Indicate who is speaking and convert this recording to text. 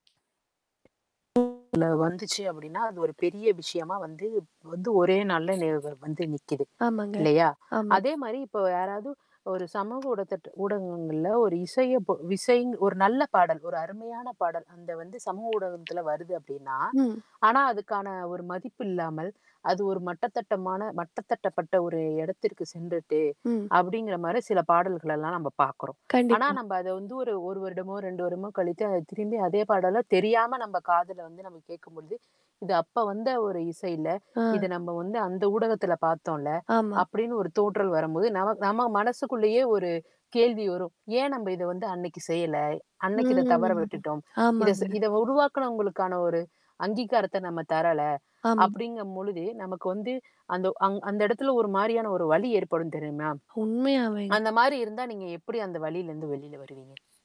Speaker 1: இதுல வந்துச்சு அப்டின்னா, அது ஒரு பெரிய விஷயமா வந்து வந்து ஒரே நாள்ல நி வந்து நிக்குது.
Speaker 2: ஆமாங்க.
Speaker 1: இல்லையா?
Speaker 2: ஆமா.
Speaker 1: அதே மாரி இப்ப யாராவது ஒரு சமூக ஊடத்தட்ட ஊடகங்கள்ல ஒரு இசைய பொ இசை ஒரு நல்ல பாடல், ஒரு அருமையான பாடல். அந்த வந்து சமூக ஊடகத்தில வருது அப்படின்னா
Speaker 2: ம்.
Speaker 1: ஆனா, அதுக்கான ஒரு மதிப்பு இல்லாமல், அது ஒரு மட்டத்தட்டமான மட்டதட்டப்பட்ட ஒரு எடத்திற்கு சென்றுட்டு
Speaker 2: ம்.
Speaker 1: அப்படிங்கிற மாரி சில பாடல்கள எல்லாம் நம்ம பாக்குறோம். ஆனா,
Speaker 2: கண்டிப்பா.
Speaker 1: நம்ப அத வந்து ஒரு 1 வருடமோ, 2 வருடமோ கழித்து அத திரும்பி அதே பாடல்லாம் தெரியாம நம்ம காதுல வந்து நம்ம கேட்கும்பொழுது, இது அப்ப வந்த ஒரு இசை இல்ல. இத
Speaker 2: ஆ.
Speaker 1: நம்ம வந்து அந்த ஊடகத்தில பார்த்தோம்ல,
Speaker 2: ஆமா.
Speaker 1: அப்படின்னு ஒரு தோற்றல் வரும்போது நம நம்ம மனசுக்குள்ளேயே ஒரு கேள்வி வரும். ஏன் நம்ப இத வந்து அன்னைக்கு செய்யல? அன்னைக்கு இத தவற
Speaker 2: ம்.
Speaker 1: விட்டுட்டோம். இத செ
Speaker 2: ஆமாங்க.
Speaker 1: இத உருவாக்குனவங்களுக்கான ஒரு அங்கீகாரத்த நம்ம தரல.
Speaker 2: ஆமா.
Speaker 1: அப்படிங்கம் பொழுத, நமக்கு வந்து அந்த அங் அந்த இடத்துல ஒரு மாரியான ஒரு வலி ஏற்படும் தெரியுமா?
Speaker 2: உண்மையாவேங்க.
Speaker 1: அந்த மாரி இருந்தா நீங்க எப்படி அந்த வலியிலருந்து வெளியில வருவீங்க?